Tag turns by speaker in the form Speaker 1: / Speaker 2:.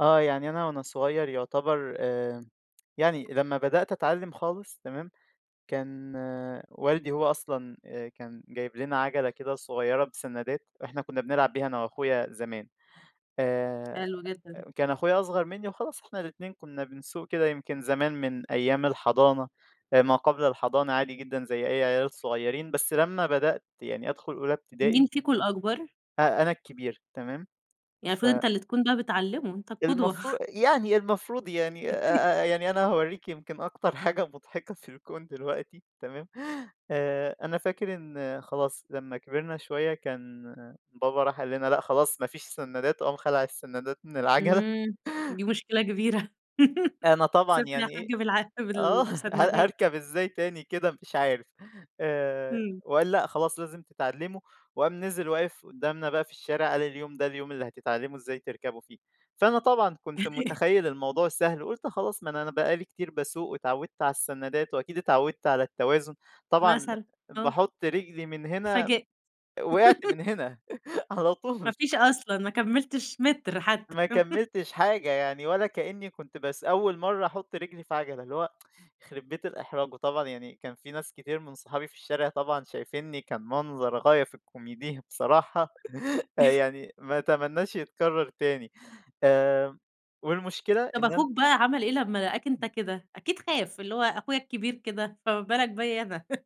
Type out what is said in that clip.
Speaker 1: آه. يعني أنا وأنا صغير يعتبر آآ يعني لمّا بدأت أتعلّم خالص تمام؟ كان والدي هو أصلًا أ كان جايب لنا عَجَلة كده صغيرة بسنّادات، إحنا كُنّا بنلعب بيها أنا وأخويا زمان. آآ
Speaker 2: حلو جدًا.
Speaker 1: كان أخويا أصغر منّي وخلاص إحنا الاتنين كُنّا بنسوق كده يمكن زمان من أيام الحضانة أ ما قبل الحضانة عادي جدًا زي أي عيال صغيرين، بس لمّا بدأت يعني أدخل أولى ابتدائي
Speaker 2: مين فيكم الأكبر؟
Speaker 1: أ أنا الكبير تمام؟
Speaker 2: يعني
Speaker 1: ف
Speaker 2: المفروض أنت اللي تكون بقا بتعلّمه، أنت القُدوة.
Speaker 1: المفرو يعني المفروض يعني أ أ يعني أنا هاورّيكِ يمكن أكتر حاجة مضحكة في الكون دلوقتي تمام؟ آآ أنا فاكر إن خلاص لمّا كبرنا شوية كان بابا راح قال لنا: "لأ خلاص ما فيش سنّادات." وقام خَلَع السنّادات من العَجَلة.
Speaker 2: إمم. دي مشكلة كبيرة.
Speaker 1: أنا طبعًا
Speaker 2: سيبني
Speaker 1: يعني
Speaker 2: ياحاج
Speaker 1: إيه
Speaker 2: بالع
Speaker 1: آه. هار
Speaker 2: بالسنّادات.
Speaker 1: هاركب إزاي تاني كده مش عارف؟ آآ
Speaker 2: إمم.
Speaker 1: وقال: "لأ خلاص لازم تتعلّموا." وقام نزل واقف قُدّامنا بقى في الشارع قال: "اليوم ده اليوم اللي هتتعلّموا إزاي تركبوا فيه." فأنا طبعًا كنت مُتخيّل الموضوع سهل وقُلت خلاص ما أنا أنا بقى لي كتير باسوق واتعوّدت على السنّادات، وأكيد اتعوّدت على التوازن. طبعًا
Speaker 2: مثلًا، آه.
Speaker 1: باحُط رجلي من هنا
Speaker 2: اتفاجئت.
Speaker 1: وقعت من هنا على
Speaker 2: ما
Speaker 1: طول.
Speaker 2: فيش أصلًا، ما كمّلتش مِتر حتّى.
Speaker 1: ما كمّلتش حاجة. يعني ولا كإنّي كنت بس أول مرّة أحُط رجلي في عَجَلة. اللي هو، يخرِب بيت الإحراج. وطبعًا يعني كان في ناس كتير من صحابي في الشارع طبعًا شايفينّي كان منظر غاية في الكوميدية بصراحة. فيعني ما أتمنّاش يتكرّر تاني. آآ والمشكلة
Speaker 2: طب
Speaker 1: إن أنا
Speaker 2: أخوك بقى عمل إيه لمّا لقاك أنت كده؟ أكيد خاف، اللي هو أخويا الكبير كده، فما بالك بيّا أنا.